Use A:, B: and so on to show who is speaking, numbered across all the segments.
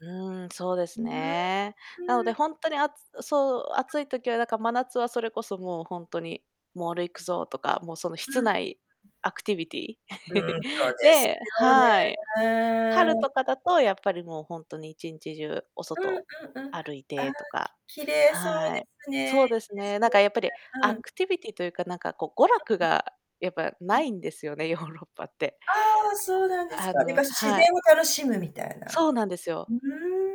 A: うーん。そうで
B: うー
A: す
B: ん、
A: ね。なの
B: う
A: で、
B: ん。
A: ほんとにあつうそう、暑
B: [unintelligible]
A: い時は、だか、真夏はそれこそもうほんとに、モール行くぞ、とか、もう、そのひ
B: う
A: つ
B: ん。
A: ないアクティビティ、
B: うん、そうです
A: で
B: よ
A: はい。春
B: ね。
A: とかだとやっぱり、もう、ほんとに一日中お
B: うん
A: 外
B: うんうん。
A: 歩い
B: あ
A: て
B: あ、
A: とか
B: き綺麗そう
A: は
B: で
A: い。
B: すね。
A: そ
B: いい
A: うです
B: で
A: ね。
B: す
A: なん
B: よね、
A: かやっぱり
B: だん
A: ア
B: うん。
A: クティビティというか、なんか、こう、娯
B: あ、
A: 楽
B: うん。
A: がやっぱ
B: う
A: な
B: ん。
A: いんですよね、ヨーロッパって。
B: ああ、そうなんです
A: あ、あ
B: か。で
A: の
B: か、し自
A: は
B: 然
A: い。
B: を楽しむみたいな。
A: そうなんです
B: う
A: よ。
B: う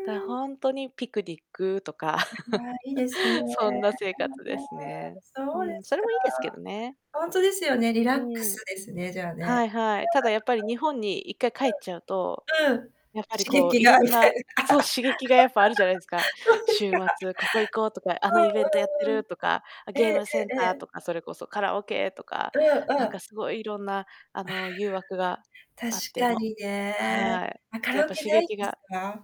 A: だ
B: ーん。
A: ほんとに、ピクニックとか、
B: うはあ、いいですね、え、も、へ
A: そんな生活で
B: え、
A: すね。
B: うすそ
A: う
B: うで
A: ん、
B: す
A: それ
B: か。
A: もいいですけどね。
B: ほんとですよね、リ
A: う
B: ラック
A: ーん。
B: スですね、じゃあ
A: は
B: ね。
A: いはい。ただ、やっぱり、日本に一回帰っちゃうと、
B: 週末とうん。うん。
A: やっぱり、
B: 刺
A: こ
B: 激
A: う、い
B: が、
A: ろん
B: みたい
A: な
B: な
A: そう刺激がやっぱあるじゃないすか？
B: そうです
A: 週
B: か。
A: 末、ここ行こう、とか、あのイベントやって
B: うんうんう
A: る、
B: ん。
A: とか、あ、
B: ええ
A: ゲームセン
B: ええ
A: タ
B: え
A: ー
B: え。
A: とか、それこそカラオケとか、
B: うん
A: なん
B: う
A: か
B: ん。
A: すごいいろんな、あ
B: あ、は
A: の、誘惑が
B: あ。確
A: あって、
B: か
A: も
B: にね。
A: はい。
B: あ、カ
A: やっ
B: ラオ
A: ぱ
B: ケ
A: 刺
B: ないん
A: 激
B: です
A: が
B: か？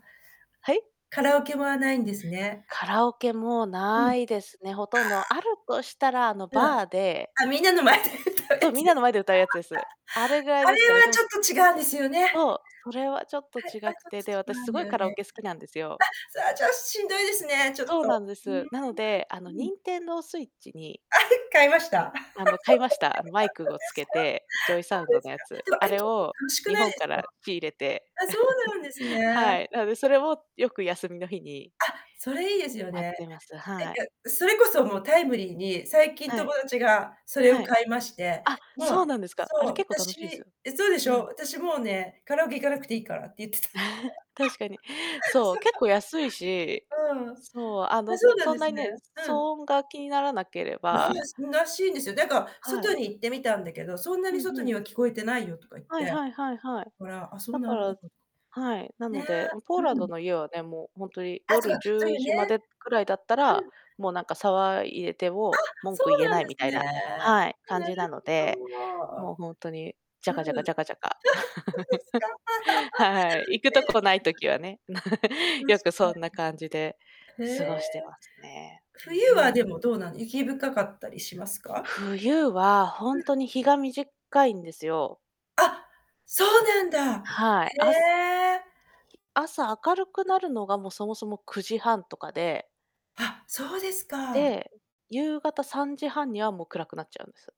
A: はい？
B: カラオケはないんですね。
A: カラオケも
B: うん。あ
A: 無いですね、ほとんど。ある
B: あ。
A: としたら、あの、
B: うん。
A: バーで
B: あ、みんなの前で歌う
A: そう、
B: やつ
A: みん
B: で
A: なの
B: す。
A: 前で歌うやつです。あれぐらい
B: あ、あった。あ
A: です
B: れ
A: かね、で
B: は
A: も、
B: ち
A: す
B: ょっと違うんですよね。
A: そう、それはちょっと
B: はい、
A: 違
B: あ、
A: く
B: ちょっ
A: て、
B: と
A: で、
B: 違
A: 私
B: う
A: す
B: んだ
A: ご
B: よ
A: いカラオ
B: ね、
A: ケ
B: み
A: 好きなんですよ。
B: たいな。あ、そ、あ、じゃ、しんどいですね、ちょっ
A: そうな
B: と。
A: んで
B: ふーん、
A: す。なので、あの、
B: うん。
A: ニンテンドースイッチに
B: あれ、買いました？そ
A: あの、買いました。あの、マイクごつけて、ジョイサウン
B: うで
A: ド
B: す
A: のや
B: か。
A: つ。
B: そうですか。でもあ
A: あ
B: れ、
A: れ
B: 結構
A: を
B: 楽しく
A: 日
B: ないで
A: 本か
B: すか？
A: ら仕入れて。
B: あ、そうなんです ね。
A: はい、なので、それも、よく、休みの日に
B: あ、それいいですよ
A: あっ
B: ね。
A: てます、
B: なん
A: はい。
B: かそれこそもうタイムリーに、最近
A: はい。
B: 友達がそれ
A: は
B: を
A: い。
B: 買いまして、
A: あ、
B: も
A: そう
B: う
A: なんですか、あ
B: そ
A: れ
B: う、
A: 結構楽
B: 私
A: しいすよ。
B: え、そうでし
A: う
B: ょ、
A: ん。
B: 私もうね、カラオケ行かなくていいからって言ってた。
A: 確かに。そう、
B: そ
A: 結構
B: う。
A: 安いし、
B: うん。
A: そう、あ
B: あ、
A: の、
B: そ
A: す
B: うなん
A: そ
B: で
A: んな
B: す
A: に
B: ね。
A: ね、騒
B: うん。
A: 音が気にならなけれ
B: ら
A: ば
B: しらしいんですよ。だか、
A: は
B: 外
A: い。
B: に行ってみたんだけど、そんな
A: う
B: に
A: ん、
B: 外
A: ふ
B: に
A: ん。
B: は聞こえてないよとか言っ
A: はい
B: て。
A: はいはいはい。
B: ほら。あ、そう
A: だ
B: な
A: か
B: んだ
A: ら
B: ほ
A: はい。な
B: ね、
A: ので、うん、ポーラン
B: う
A: ド
B: ん。
A: の家はね、もう、ほんとに、
B: あ、そう
A: 夜
B: か、
A: じ
B: そ
A: ゅ
B: うい
A: う
B: うね。
A: じまでくらいだったら、
B: うん。
A: もう、なんか、騒いでて
B: あ！
A: も文
B: そ
A: 句
B: う
A: 言え
B: なん
A: な
B: で
A: い、み
B: す
A: たい
B: ね。
A: なはい、感
B: なる
A: じなの
B: ほ
A: で、もう、
B: ど。
A: ほんとに、ジ
B: う
A: ャ
B: ん。あ、は、
A: カジャカジャカジャカ。
B: そう ですか。
A: はい。行 く
B: え
A: と
B: え。
A: こ
B: て
A: ない
B: か
A: 時はね。な
B: 確
A: よくそん
B: か
A: な感じで
B: に。へ
A: 過
B: え。
A: ごしてますね。
B: 冬
A: うん、ふ
B: は、で
A: ん。
B: も、どうなの？雪深かったりしますか？
A: 冬は、ほ
B: う
A: ん
B: ん。
A: とに日が短いんですよ。
B: あ！そうなんだ！
A: はい、あす
B: へえ。
A: 朝明るくなるのが、もう、そもそも、9時半とかで
B: あ、そうですか。
A: で、夕方3時半にはもう暗くなっちゃうんです。